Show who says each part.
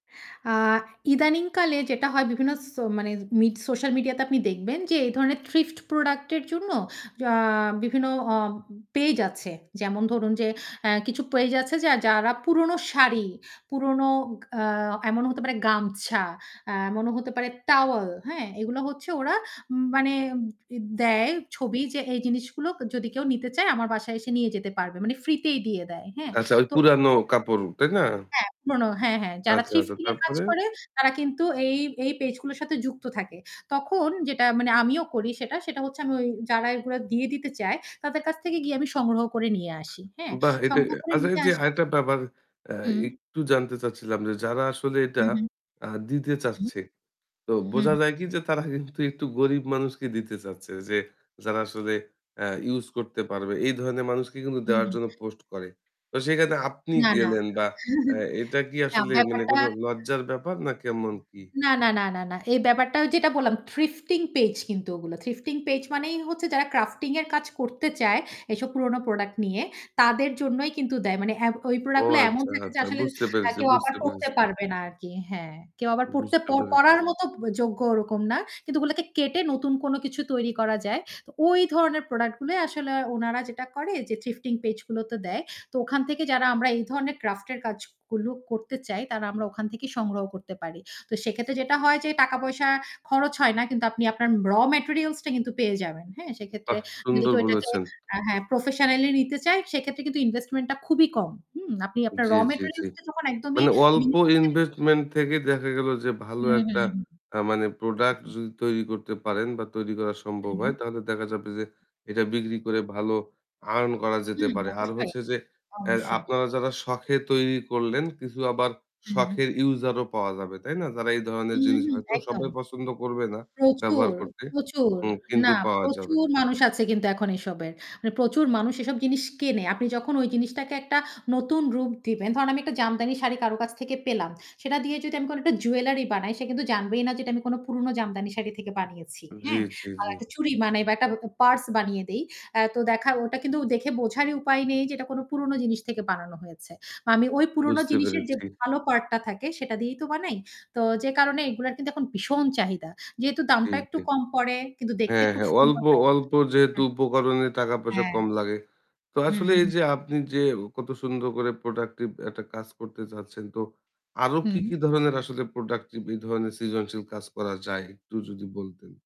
Speaker 1: আ ইদানিং কালে যেটা হয় বিভিন্ন স মানে মি সোশ্যাল মিডিয়াতে আপনি দেখবেন যে এই ধরনের থ্রিফট প্রোডাক্ট এর জন্য জ অ বিভিন্ন আ পেইজ আছে। যেমন ধরুন যে আ কিছু পেইজ আছে যে যারা পুরনো শাড়ি পুরনো গ আ এমনও হতে পারে গামছা, এমনও হতে পারে টাওয়েল হ্যাঁ? এগুলা হচ্ছে ওরা মানে উ দ দেয় ছবি যে এই জিনিসগুলো যদি কেউ নিতে চায় আমার বাসায় এসে নিয়ে যেতে পারবে। মানে ফ্রিতেই দিয়ে দেয়। হ্যাঁ?
Speaker 2: আচ্ছা, ওই
Speaker 1: তো
Speaker 2: পুরানো
Speaker 1: [unintelligible]
Speaker 2: কাপড়, তাই না?
Speaker 1: হ্যাঁ পুরোনো হ্যাঁ, হ্যাঁ যারা
Speaker 2: আচ্ছা, আচ্ছা,
Speaker 1: থ্রিফটিং এর কাজ
Speaker 2: তারপরে?
Speaker 1: করে তারা কিন্তু এই এই পেজ গুলোর সাথে যুক্ত থাকে। তখন যেটা মানে আমিও করি সেটা, সেটা হচ্ছে আমি যারা এগুলা দিয়ে দিতে চায় তাদের কাছ থেকে গিয়ে আমি সংগ্রহ করে নিয়ে আসি। হ্যাঁ?
Speaker 2: বাহ! এটা
Speaker 1: সংগ্রহ করে
Speaker 2: আচ্ছা
Speaker 1: নিয়ে
Speaker 2: যে
Speaker 1: আসা
Speaker 2: আরেকটা ব্যাপার আ
Speaker 1: হুম।
Speaker 2: একটু জানতে চাচ্ছিলাম যে যারা আসলে
Speaker 1: হু,
Speaker 2: এটা
Speaker 1: হু,
Speaker 2: আ দিতে
Speaker 1: হুম।
Speaker 2: চাচ্ছে। তো
Speaker 1: হু,
Speaker 2: বোঝা
Speaker 1: হুম।
Speaker 2: যায় কি যে তারা কিন্তু একটু গরিব মানুষকে দিতে চাচ্ছে যে যারা আসলে আ ইউস করতে পারবে। এই ধরনের মানুষকে কিন্তু
Speaker 1: হুম,
Speaker 2: দেওয়ার
Speaker 1: হুম।
Speaker 2: জন্য পোস্ট করে। তো সেখানে আপনি
Speaker 1: না, না
Speaker 2: গেলেন বা এ এটা কি আসলে মানে
Speaker 1: ব্যাপারটা
Speaker 2: কোনো লজ্জার ব্যাপার না কেমন কী?
Speaker 1: না, না, না, না, না। এই ব্যাপারটা যেটা বললাম, থ্রিফটিং পেজ কিন্তু ওগুলো। থ্রিফটিং পেজ মানেই হচ্ছে যারা ক্রাফটিং এর কাজ করতে চায়, এইসব পুরোনো প্রোডাক্ট নিয়ে তাদের জন্যই কিন্তু দেয়। মানে এ ওই
Speaker 2: ও
Speaker 1: প্রোডাক্ট গুলো এমন
Speaker 2: আচ্ছা,
Speaker 1: থাকে যে
Speaker 2: আচ্ছা
Speaker 1: আসলে
Speaker 2: বুঝতে
Speaker 1: আ
Speaker 2: পেরেছি,
Speaker 1: কেউ আবার
Speaker 2: বুঝতে
Speaker 1: পড়তে
Speaker 2: পেরেছি।
Speaker 1: পারবে না আরকি। হ্যাঁ, কেউ আবার পড়তে
Speaker 2: বুঝতে পেরেছি।
Speaker 1: পড়ার মতো ব যোগ্য ওরকম না। কিন্তু ওগুলোকে কেটে নতুন কোনো কিছু তৈরী করা যায়। তো ওই ধরনের প্রোডাক্ট গুলো আসলে ওনারা যেটা করে যে থিফটিং পেজ গুলোতে দেয়। তো ওখান থেকে যারা আমরা এই ধরনের ক্রাফট এর কাজগুলো করতে চাই তারা আমরা ওখান থেকেই সংগ্রহ করতে পারি। তো সেক্ষেত্রে যেটা হয় যে টাকা-পয়সা খরচ হয় না কিন্তু আপনি আপনার রও ম্যাটেরিয়ালস টা কিন্তু পেয়ে যাবেন। হ্যাঁ? সেক্ষেত্রে
Speaker 2: বাহ!
Speaker 1: যদি
Speaker 2: সুন্দর
Speaker 1: কেউ এটাকে
Speaker 2: বলেছেন।
Speaker 1: আ হ্যাঁ, প্রফেশনালই নিতে চায় সেক্ষেত্রে কিন্তু ইনভেস্টমেন্ট টা খুবই কম। হুম? আপনি আপনার
Speaker 2: জ্বী,
Speaker 1: রও
Speaker 2: জ্বী, জ্বী।
Speaker 1: ম্যাটেরিয়ালস টা যখন একদমই
Speaker 2: মানে অল্প
Speaker 1: [unintelligible]
Speaker 2: ইনভেস্টমেন্ট থেকে দেখা গেল যে ভালো
Speaker 1: হুম, হুম,
Speaker 2: একটা
Speaker 1: হুম।
Speaker 2: আ মানে
Speaker 1: হু,
Speaker 2: প্রোডাক্ট
Speaker 1: হুম।
Speaker 2: যদি তৈরি করতে পারেন বা তৈরি করা সম্ভব
Speaker 1: হু, হু।
Speaker 2: হয় তাহলে দেখা যাবে যে এটা বিক্রি করে ভালো আর্ন করা যেতে
Speaker 1: হুম।
Speaker 2: পারে। আর
Speaker 1: অবশ্যই,
Speaker 2: হচ্ছে যে এ
Speaker 1: অবশ্যই।
Speaker 2: আপনারা যারা শখ এ তৈরি করলেন কিছু আবার
Speaker 1: হু, হুম।
Speaker 2: শখের ইউসার ও পাওয়া যাবে। তাই না? তারা এই ধরনের
Speaker 1: হুম,
Speaker 2: জিনিস
Speaker 1: হুম
Speaker 2: হয়তো
Speaker 1: একদম।
Speaker 2: সবাই পছন্দ করবে না ব্যবহার
Speaker 1: প্রচুর,
Speaker 2: করতে।
Speaker 1: প্রচুর।
Speaker 2: হু, কিন্তু
Speaker 1: না,
Speaker 2: পাওয়া যাবে।
Speaker 1: প্রচুর মানুষ আছে কিন্তু এখন এসবের। মানে প্রচুর মানুষ এসব জিনিস কেনে। আপনি যখন ওই জিনিসটাকে একটা নতুন রূপ দিবেন, ধরুন আমি একটা জামদানি শাড়ি কারো কাছ থেকে পেলাম। সেটা দিয়ে যদি আমি কোনো একটা জুয়েলারি বানাই সে কিন্তু জানবেই না যে এটা আমি কোনো পুরোনো জামদানি শাড়ি থেকে বানিয়েছি।
Speaker 2: জ্বী,
Speaker 1: হ্যাঁ?
Speaker 2: জ্বী,
Speaker 1: আ
Speaker 2: জ্বী।
Speaker 1: একটা চুরি বানাই বা একটা ব পার্স বানিয়ে দেই। আ তো দেখা ওটা কিন্তু দেখে বোঝারই উপায় নেই যে এটা কোনো পুরোনো জিনিস থেকে বানানো হয়েছে। আমি ওই পুরনো
Speaker 2: বুঝতে
Speaker 1: জিনিসের যে
Speaker 2: পেরেছি।
Speaker 1: ভালো পার্টটা থাকে সেটা দিয়েই তো বানাই। তো যে কারণে এগুলা কিন্তু এখন ভীষণ চাহিদা। যেহেতু
Speaker 2: জ্বী,
Speaker 1: দামটা একটু
Speaker 2: জ্বী।
Speaker 1: কম পড়ে কিন্তু দেখতে
Speaker 2: হ্যাঁ,
Speaker 1: খুব
Speaker 2: হ্যাঁ। অল্প
Speaker 1: সুন্দর হয় [unintelligible]
Speaker 2: অল্প যেহেতু
Speaker 1: হ্যাঁ। হুম, হু।
Speaker 2: উপকরণে টাকা পয়সা
Speaker 1: হ্যাঁ।
Speaker 2: কম লাগে। তো
Speaker 1: হুম,
Speaker 2: আসলে
Speaker 1: হু।
Speaker 2: এইযে আপনি যে কত সুন্দর করে প্রোডাক্টিভ একটা কাজ করতে চাচ্ছেন তো আরো কি,
Speaker 1: হুম।
Speaker 2: কি ধরণের আসলে প্রোডাক্টিভ এই ধরণের সৃজনশীল কাজ করা যায় একটু যদি বলতেন?